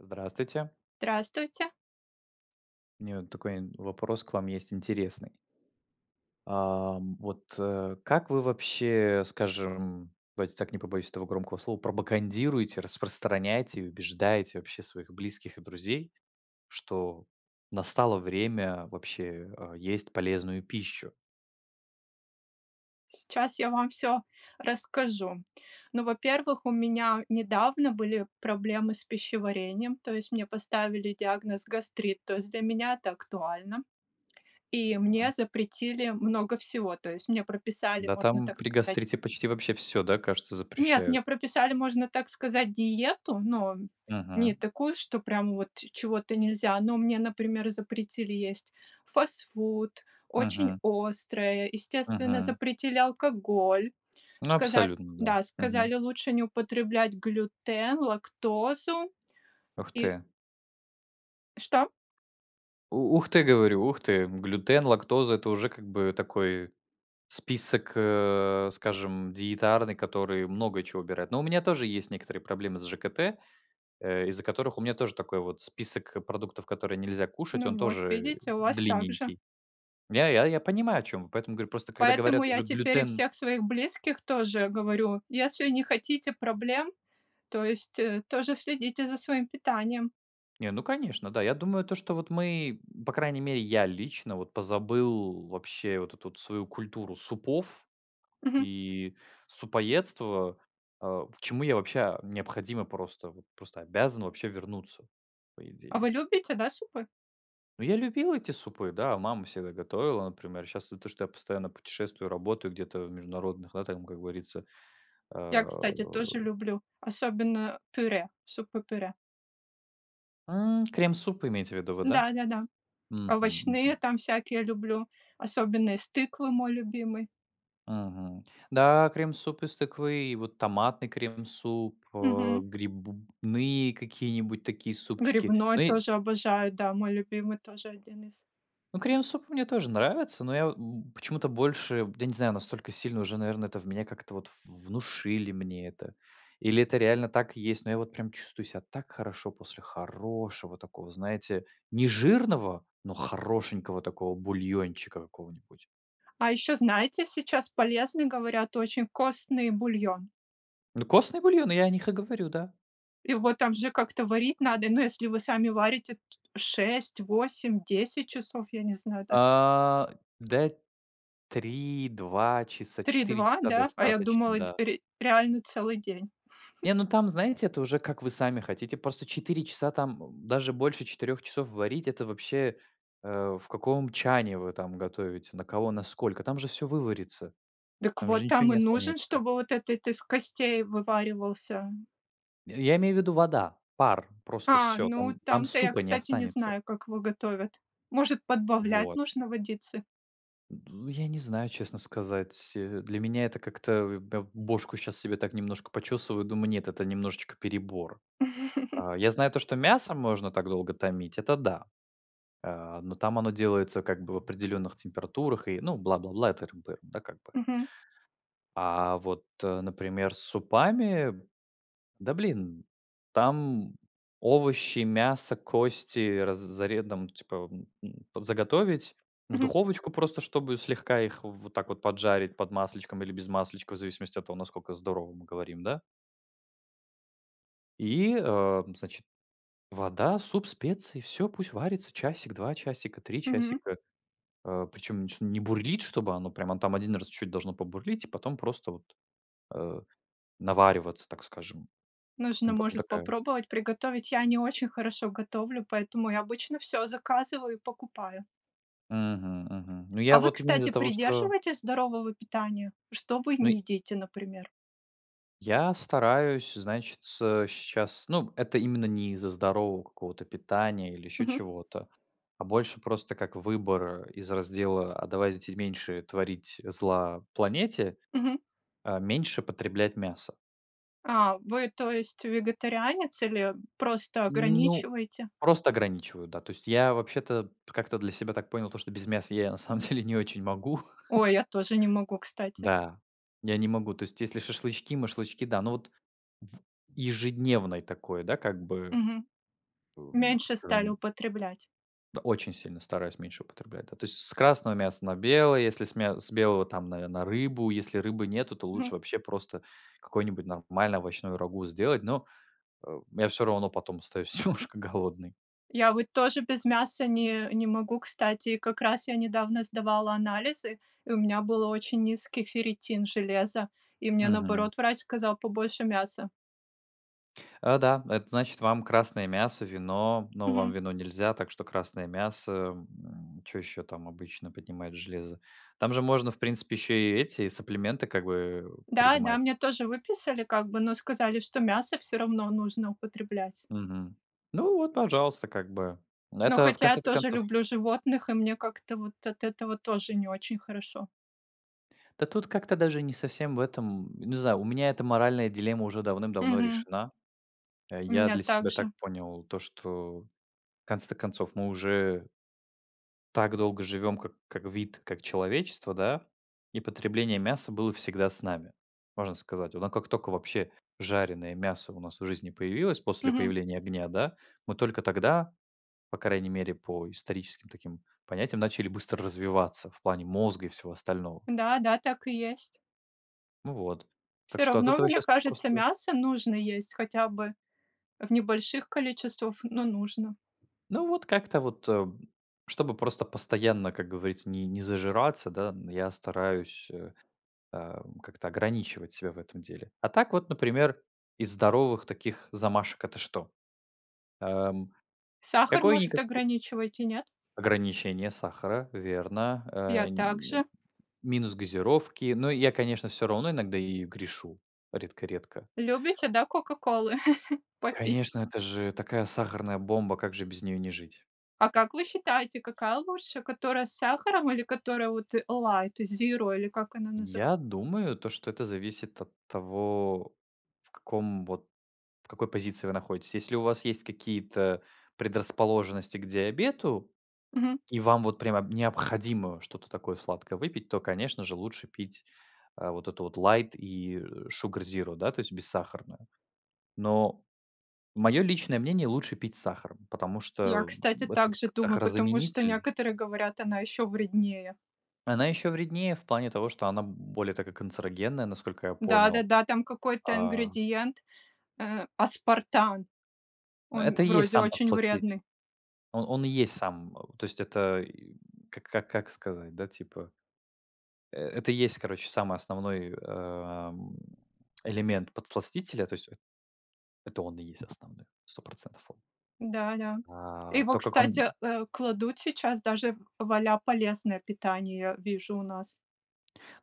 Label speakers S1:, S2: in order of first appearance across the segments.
S1: Здравствуйте.
S2: Здравствуйте.
S1: У меня вот такой, м, вопрос к вам есть интересный. Ам, вот, э, как вы вообще, скажем, давайте так, не побоюсь этого громкого слова, пропагандируете, распространяете и убеждаете вообще своих близких и друзей, что настало время вообще, а, есть полезную пищу.
S2: Сейчас я вам всё расскажу. Ну, во-первых, у меня недавно были проблемы с пищеварением, то есть мне поставили диагноз гастрит, то есть для меня это актуально. И мне
S1: Мгм.
S2: запретили много всего, то есть мне прописали,
S1: Да,
S2: можно
S1: там
S2: так
S1: при
S2: сказать
S1: гастрите почти вообще всё, да, кажется,
S2: Нет,
S1: запрещают.
S2: мне прописали, можно так сказать, диету, но не
S1: Мгм.
S2: такую, что прям вот чего-то нельзя. Но мне, например, запретили есть фастфуд, очень
S1: Мгм.
S2: острое, естественно,
S1: Мгм.
S2: запретили алкоголь.
S1: Ну,
S2: Сказа
S1: абсолютно да.
S2: да, сказали,
S1: Мгм.
S2: лучше не употреблять глютен, лактозу.
S1: Ух
S2: И
S1: ты.
S2: Что?
S1: У ух ты, говорю, ух ты, глютен, лактоза- это уже как бы такой список, э, скажем, диетарный, которые много чего убирают. Ну, у меня тоже есть некоторые проблемы с ЖКТ, э, из-за которых у меня тоже такой вот список продуктов, которые нельзя кушать,
S2: Ну
S1: он
S2: вот,
S1: тоже, э,
S2: видите, у вас так же.
S1: длинненький. Я я я понимаю, о чем вы. Поэтому говорю, просто когда
S2: Поэтому
S1: говорят
S2: я
S1: уже
S2: теперь и
S1: глютен
S2: всех своих близких тоже говорю: "Если не хотите проблем, то есть, э, тоже следите за своим питанием".
S1: Не, ну, конечно, да. Я думаю, то, что вот мы м По крайней мере, я лично вот позабыл вообще вот эту вот свою культуру супов
S2: Мгм.
S1: и супоедства. А, почему я вообще а, необходимо просто, вот просто обязан вообще вернуться, по
S2: А
S1: идее.
S2: вы любите, да, супы?
S1: Ну, я любил эти супы, да. Мама всегда готовила, например. Щас то, что я постоянно путешествую, работаю где-то в международных, да, там, как говорится,
S2: Я,
S1: а
S2: кстати, тоже люблю, особенно пюре, супы-пюре.
S1: М, крем-суп имеете в виду вы, да?
S2: Да-да-да.
S1: Мгм,
S2: Овощные
S1: мгм.
S2: там всякие люблю, особенно из тыквы- мой любимый.
S1: Мгм. Да, крем-суп из тыквы, и вот томатный крем-суп, а
S2: Мгм.
S1: грибные какие-нибудь такие супчики.
S2: Грибной
S1: Ну и
S2: тоже обожаю. Да, мой любимый тоже один из.
S1: Ну, крем-суп мне тоже нравится, но я во м, почему-то больше, я не знаю, настолько сильно уже, наверное, это в меня как-то вот в внушили мне это. Или это реально так есть, но я вот прям чувствую себя так хорошо после хорошего такого, знаете, нежирного, но хорошенького такого бульончика какого-нибудь.
S2: А ещё, знаете, сейчас полезный, говорят, очень костный бульон.
S1: Ну, костные бульоны, я о них и говорю, да.
S2: Его там же как-то варить надо, ну, если вы сами варите, 6, 8, 10 часов, я не знаю, да.
S1: А, да, 3, 2 часа,
S2: три
S1: 4
S2: два,
S1: часа
S2: да? А я
S1: достаточно,
S2: думала, дь
S1: да.
S2: ре реально целый день.
S1: Не, ну там, знаете, это уже как вы сами хотите, просто 4 часа там, м, даже больше 4 часов варить- это вообще, э, в каком чане вы там готовите, на кого, на сколько? Там же всё выварится.
S2: Дак
S1: Там же
S2: вот,
S1: ничего
S2: там
S1: не
S2: и нужен,
S1: останется.
S2: чтобы вот этот из костей вываривался.
S1: Э, я имею в виду, вода, пар, просто
S2: А,
S1: всё.
S2: ну,
S1: Там там
S2: там-то я,
S1: супа не
S2: кстати, не
S1: останется.
S2: знаю, как его готовят. Может, подбавлять
S1: Вот.
S2: нужно водицы?
S1: Ду, я не знаю, честно сказать. Э, для меня это как-то, э, эм, б бошку щас себе так немножко почесываю, думаю: "Нет, это немножечко перебор". А, я знаю то, что мясо можно так долго томить, это да. Э, но там оно делается как бы в определенных температурах и, ну, бла-бла-бла, это р бы, да, как бы.
S2: Мгм.
S1: А, вот, э, например, с супами. Да, блин. Там овощи, мясо, кости раз заре там, типа, м, м, п заготовить. В
S2: Мгм.
S1: духовочку просто, чтобы слегка их вот так вот поджарить под масличком или без масличка, в зависимости от того, насколько здорово мы говорим, да? И о, м, значит: вода, суп, специи. Всё пусть варится часик, 2 часика, 3
S2: Мгм.
S1: часика. О, причем ничем не бурлить, чтобы оно прям там 1 раз чуть-чуть должно побурлить и потом просто вот, э, навариваться, так скажем.
S2: Нужно,
S1: Там потом
S2: может,
S1: такая
S2: попробовать приготовить. Я не очень хорошо готовлю, поэтому я обычно всё заказываю и покупаю.
S1: Мгм мгм. Ну, я
S2: А вы,
S1: вот именно из-за
S2: кстати,
S1: того, что
S2: придерживаетесь здорового питания? Что вы
S1: Ну,
S2: не
S1: й
S2: едите, например?
S1: Я стараюсь, значится, щас ну, это именно не из-за здорового какого-то питания или еще
S2: Мгм.
S1: чего-то, а больше просто как выбор из раздела: "А давайте меньше творить зла планете"-
S2: Мгм.
S1: э, меньше потреблять мяса.
S2: А, вы, то есть, вегетарианец или просто
S1: Ну,
S2: ограничиваете?
S1: просто ограничиваю, да, то есть я вообще-то как-то для себя так понял то, что без мяса я на самом деле не очень могу.
S2: Ой, я тоже не могу, кстати.
S1: Да. Я не могу, то есть, если шашлычки машлычки, да. Но вот в ежедневной такой, да как бы,
S2: Мгм.
S1: о, м,
S2: Меньше стали
S1: скажем
S2: употреблять.
S1: Очень сильно стараюсь меньше употреблять. Да, то есть с с красного мяса на белое, если с мя с белого там, наверное, рыбу. Если рыбы нету, то
S2: Мгм.
S1: лучше вообще просто какое-нибудь нормальное овощное рагу сделать, но, э, я всё равно потом остаюсь немножко голодный.
S2: Я вот тоже без мяса не не могу, кстати. Как раз я недавно сдавала анализы, и у меня был очень низкий ферритин железа, и мне,
S1: Мгм.
S2: наоборот, врач сказал побольше мяса.
S1: А, да, это значит вам красное мясо, вино, но вам
S2: Мгм.
S1: вино нельзя, так что красное мясо, м. Чё еще там обычно поднимает железо? Там же можно, в принципе, еще и эти саплименты, как бы, э,
S2: Да-да,
S1: принимать.
S2: мне тоже выписали, как бы, но сказали, что мясо всё равно нужно употреблять.
S1: Мгм. Ну вот, пожалуйста, как бы.
S2: Но,
S1: Это в
S2: хотя я
S1: конце-то
S2: тоже
S1: концов
S2: люблю животных, и мне как-то вот от этого тоже не очень хорошо.
S1: Да тут как-то даже не совсем в этом, м, не знаю, у меня эта моральная дилемма уже давным-давно
S2: Мгм.
S1: решена. Э,
S2: У
S1: я
S2: меня
S1: для себя так
S2: также.
S1: понял то, что в конце-то концов мы уже так долго живем как как вид, как человечество, да, и потребление мяса было всегда с нами, можно сказать. Но как тока вообще жареное мясо у нас в жизни появилось после
S2: Мгм.
S1: появления огня, да, мы только тогда, по крайней мере по историческим таким понятиям, начали быстро развиваться в плане мозга и всего остального.
S2: Да, да, так и есть.
S1: Ну вот.
S2: Всё
S1: Так что от
S2: равно,
S1: этого
S2: мне
S1: щас
S2: кажется,
S1: просто
S2: мясо нужно есть хотя бы в небольших количествах, но нужно.
S1: Ну вот как-то вот, э, б чтобы просто постоянно, как говорится, ни не зажираться, да, н я стараюсь, э, э, м, как-то ограничивать себя в этом деле. А так вот, например, из здоровых таких замашек это что? Э, м,
S2: Сахар, может,
S1: какое-никако
S2: ограничиваете, нет?
S1: ограничение сахара, верно.
S2: Я
S1: Э и
S2: так
S1: нь
S2: же.
S1: минус газировки. Но я, конечно всё равно иногда ею грешу редко-редко.
S2: Любите, да, "Кока-Колы" попить?
S1: Конечно, это же такая сахарная бомба, как же без неё не жить?
S2: А как вы считаете, какая лучше? Которая с сахаром или которая вот, э, "Лайт зиро", или как она называ?
S1: Я думаю то, что это зависит от того, в каком вот, в какой позиции вы находитесь. Если у вас есть какие-то предрасположенности к диабету,
S2: Мгм.
S1: и вам вот прямо б необходимо что-то такое сладкое выпить, то, конечно же, лучше пить, э, вот эту вот лайт и шугар зиро, да, то есть бессахарную. Но мое личное мнение, лучше пить с сахаром, потому
S2: Я,
S1: что
S2: кстати,
S1: в этот
S2: также
S1: к
S2: думаю, потому что
S1: сахарозаменитель
S2: некоторые говорят, она еще вреднее.
S1: она еще вреднее в плане того, что она более такая канцерогенная, насколько я понял.
S2: Да-да-да, там какой-то
S1: А
S2: ингредиент, э, аспартан,
S1: Но
S2: он
S1: это и есть
S2: вроде
S1: сам
S2: очень
S1: подсластитель.
S2: вредный.
S1: Он он и есть сам То есть, это и к как как сказать да, типа э это и есть, короче, самый основной, э, а, м, элемент подсластителя. То есть, это он и есть основных, 100 он.
S2: Да-да.
S1: А
S2: Его,
S1: то, как он
S2: кстати, э, кладут сейчас даже в в а-ля полезное питание, я вижу у нас.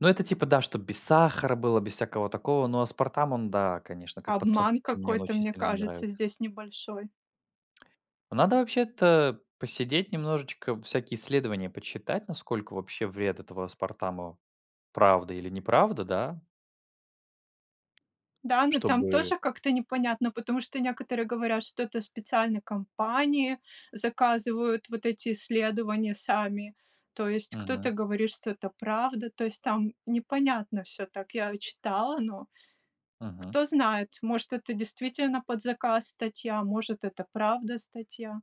S1: Но это типа да, чтоб без сахара было, без всякого такого. Но аспартам он да, конечно, как
S2: Обман
S1: подсластитель, мне он
S2: какой-то,
S1: очень
S2: мне
S1: сильно не
S2: кажется,
S1: нравится.
S2: здесь небольшой.
S1: Надо вообще-то посидеть немножечко, всякие исследования почитать, насколько вообще вред этого аспартама правда или неправда, да?
S2: Да, но
S1: Что
S2: там
S1: бы
S2: тоже как-то непонятно, потому что некоторые говорят, что это специальной компании заказывают вот эти исследования сами. То есть кто-то
S1: Мгм.
S2: говорит, что это правда. То есть там непонятно всё, так я читала, но
S1: Мгм.
S2: кто знает, может, это действительно под заказ статья, может это правда статья.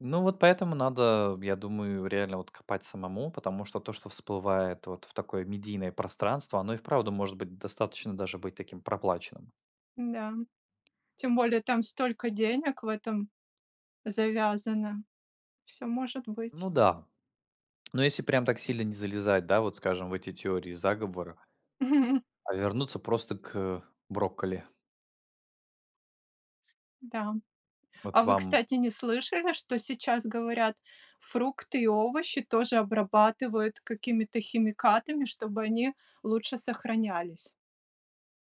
S1: Ну вот поэтому надо, я думаю, реально вот копать самому, потому что то, что всплывает вот в такое медийное пространство, оно и вправду может быть достаточно даже быть таким проплаченным.
S2: М-да. Тем более там столько денег в этом завязано. Всё может быть.
S1: Ну да. Но если прям так сильно не залезать, да, вот скажем, в эти теории заговора, а вернуться просто к брокколи.
S2: Да. А
S1: Вот
S2: вы,
S1: вам
S2: кстати, не слышали, что сейчас говорят? Фрукты и овощи тоже обрабатывают какими-то химикатами, чтобы они лучше сохранялись?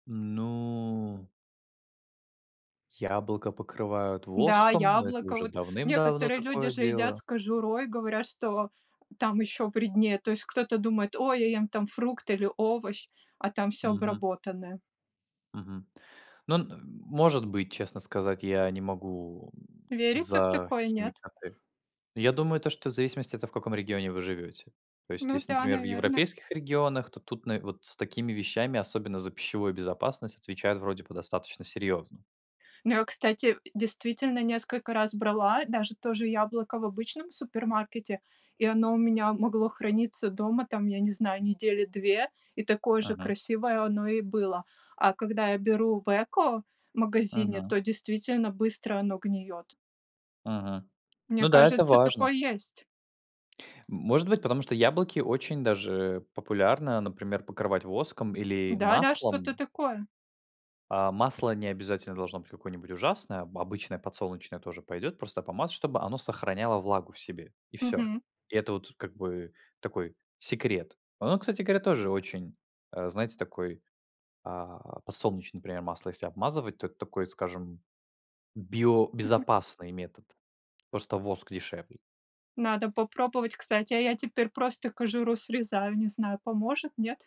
S1: Ну Яблоко покрывают
S2: Да,
S1: воском, но это
S2: яблоко,
S1: уже
S2: вот.
S1: давным-давно
S2: Некоторые люди
S1: такое
S2: же едят
S1: делаю.
S2: с кожурой, говорят, что там еще вреднее. То есть, кто-то думает: "Ой, я ем там фрукт или овощ, а там всё
S1: Мгм.
S2: обработанное".
S1: Мгм. Ну, н может быть, честно сказать, я не могу, м,
S2: Верите в
S1: за
S2: такое? Нет?
S1: химикаты. Но я думаю, то, что в зависимости это в каком регионе вы живете. То есть
S2: Ну
S1: если,
S2: да,
S1: например, в
S2: наверно.
S1: европейских регионах, то тут нав вот с такими вещами, особенно за пищевую безопасность, отвечают вроде бы достаточно серьезно.
S2: Но, кстати, э, действительно, несколько раз брала даже то же яблоко в обычном супермаркете, и оно у меня могло храниться дома, там, я не знаю, недели 2, и такое же
S1: Мгм.
S2: красивое оно и было. А когда я беру в экомагазине,
S1: Мгм.
S2: то действительно быстро оно гниет.
S1: Мгм.
S2: Мне
S1: Ну да, это
S2: кажется,
S1: важно.
S2: такое есть.
S1: Может быть, потому что яблоки очень даже популярно, например, покрывать воском или
S2: Да-да, что-то
S1: маслом
S2: такое.
S1: А, масло не обязательно должно быть какое-нибудь ужасное. Обычное подсолнечное тоже пойдет, просто помазать, чтобы оно сохраняло влагу в себе. И всё.
S2: Мгм.
S1: И это вот, как бы, такой секрет. Оно, кстати говоря, тоже очень, э, знаете, такой, а, подсолнечный пример масло, если обмазывать, то это такой, скажем,
S2: Мгм.
S1: биобезопасный метод. Просто воск дешевле.
S2: Надо попробовать, кстати. А я теперь просто кожуру срезаю, не знаю, поможет, нет?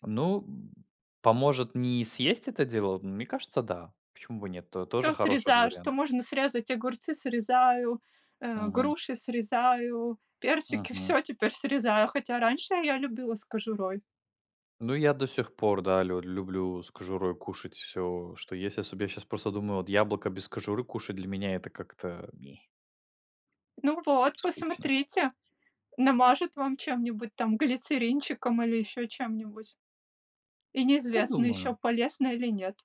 S1: Ну, м, поможет не съесть это дело? Мне кажется, да. Почему бы нет? То тоже
S2: Всё
S1: хороший от
S2: срезаю, что
S1: вариант.
S2: можно срезать, огурцы срезаю, э,
S1: Мгм.
S2: груши срезаю, персики-
S1: Мгм.
S2: всё теперь срезаю. Хотя раньше я любила с кожурой.
S1: Ну я до сих пор, да, лю люблю с кожурой кушать всё, что есть особ Я щас просто думаю: "Вот яблоко без кожуры кушать для меня это как-то ме"
S2: Ну вот,
S1: Скучно.
S2: посмотрите. Намажут вам чем-нибудь, там, глицеринчиком или еще чем-нибудь. И неизвестно ещё,
S1: Подумаю.
S2: полезно или нет.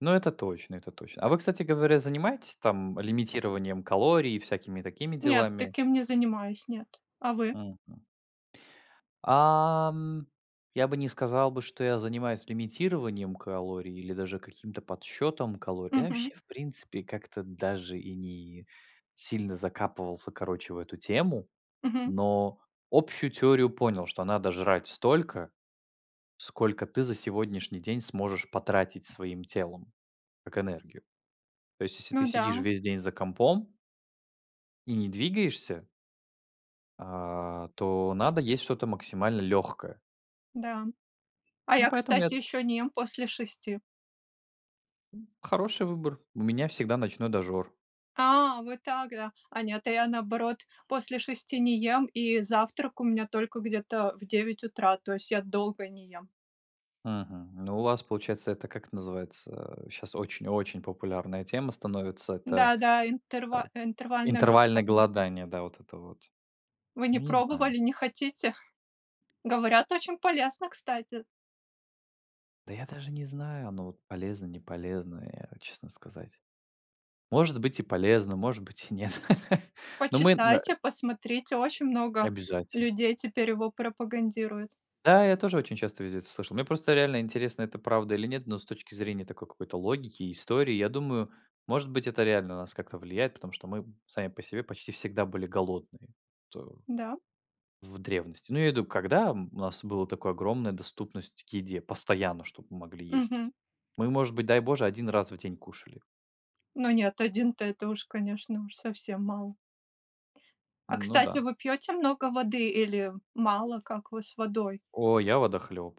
S1: Ну это точно, это точно. А вы, кстати говоря, занимаетесь там лимитированием калорий и всякими такими
S2: Нет,
S1: делами?
S2: таким не занимаюсь, нет. А вы?
S1: Мгм. А, м, я бы не сказал бы, что я занимаюсь лимитированием калорий или даже каким-то подсчетом калорий. Я
S2: Мгм.
S1: вообще, в принципе, как-то даже и не сильно закапывался, короче, в эту тему.
S2: Мгм.
S1: Но общую теорию понял, что надо жрать столько, сколько ты за сегодняшний день сможешь потратить своим телом. Как энергию. То есть если ты
S2: Ну
S1: сидишь
S2: да.
S1: весь день за компом и не двигаешься а, то надо есть что-то максимально легкое.
S2: Да. А
S1: Ну,
S2: я,
S1: поэтому
S2: кстати,
S1: эт
S2: ещё не ем после 6.
S1: М, хороший выбор. У меня всегда ночной дожор.
S2: А, вот так, да. А нет, а я, наоборот, после 6 не ем, и завтрак у меня только где-то в 9 утра. То есть я долго не ем.
S1: Мгм, ну, у вас получается, это, как это называется, а, щас очень-очень популярная тема становится, это,
S2: Да, да,
S1: э,
S2: интерва интервальные
S1: интервальное
S2: голодания.
S1: голодание, да, вот это вот.
S2: Вы не
S1: Ну, не знаю.
S2: пробовали, не хотите? Говорят, очень полезно, кстати.
S1: Да, я даже не знаю, оно вот полезно, не полезно. Я, честно сказать, может быть, и полезно, может быть, и нет, но мы, на
S2: Почитайте, посмотрите, очень много
S1: Обязательно.
S2: людей теперь его пропагандируют.
S1: Да, я тоже очень часто везде это слышал. Мне просто реально интересно, это правда или нет, но с точки зрения такой какой-то логики и истории, я думаю, может быть, это реально на нас как-то влияет, потому что мы сами по себе почти всегда были голодные, то
S2: Да.
S1: в древности. Ну, я имею в виду, когда, м, у нас было такое огромная доступность к еде постоянно, чтобы мы могли есть.
S2: Мгм.
S1: Мы, может быть, дай боже, 1 раз в день кушали.
S2: Ну, нет, 1- это уж, конечно, уж совсем мало. А,
S1: Ну
S2: кстати,
S1: да.
S2: вы пьёте много воды или мало? Как вы с водой?
S1: О, я водохлёб.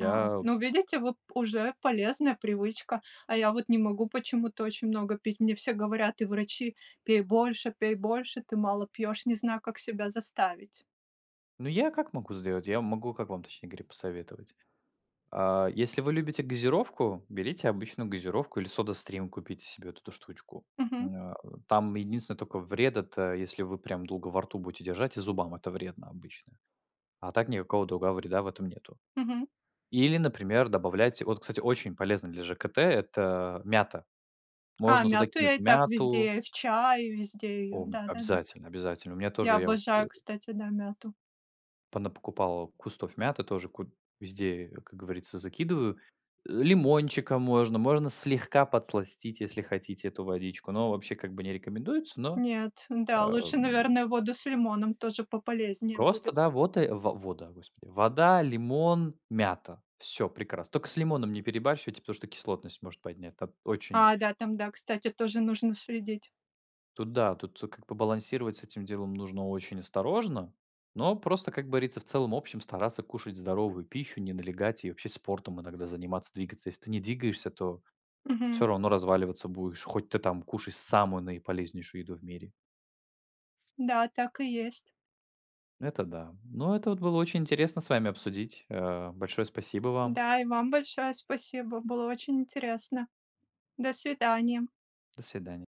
S2: А, ну, видите, вот уже полезная привычка, а я вот не могу почему-то очень много пить. Мне все говорят, и врачи: "Пей больше, пей больше, ты мало пьешь". Не знаю, как себя заставить.
S1: Ну, я как могу сделать? Я могу как вам, точнее говоря, посоветовать? А если вы любите газировку, берите обычную газировку или Soda Stream купите себе вот эту штучку.
S2: Мгм.
S1: М, а, там единственное, тока вред- это если вы прям долго во рту будете держать, и зубам это вредно обычно. А так никакого другого вреда в этом нету.
S2: Мгм.
S1: Или, например, добавляйте Вот, кстати, очень полезно для ЖКТ- это мята.
S2: А
S1: Можно туда
S2: мяту я
S1: кинуть
S2: и так
S1: мяту
S2: везде, и в чае, везде её,
S1: О,
S2: да-да-да.
S1: обязательно обязательно. У меня
S2: Я
S1: тоже, я вот, э
S2: обожаю, кстати, да, мяту.
S1: Понапокупал кустов мяты, тоже ку везде, как говорится, закидываю. Э, лимончиком можно, можно, можно слегка подсластить, если хотите, эту водичку, но вообще как бы не рекомендуется, но,
S2: Нет, да,
S1: ам.
S2: лучше, наверное, воду с лимоном, тоже пополезнее
S1: Просто,
S2: будет.
S1: да, вот и во вода, господи, вода, лимон, мята. Всё прекрасно. Тока с лимоном не перебарщивайте, потому что кислотность может поднять та очень
S2: А, да, там, да, кстати, тоже нужно следить.
S1: Тут да, тут как бы балансировать с этим делом нужно очень осторожно, но просто, как говорится, в целом-общем стараться кушать здоровую пищу, не налегать и вообще спортом иногда заниматься, двигаться. Если ты не двигаешься, то всё
S2: Мгм.
S1: равно разваливаться будешь, хоть ты там кушай самую наиполезнейшую еду в мире.
S2: Да, так и есть.
S1: Это да. Но это вот было очень интересно с вами обсудить. Э, большое спасибо вам.
S2: Да и вам большое спасибо. Было очень интересно. До свидания.
S1: До свидания.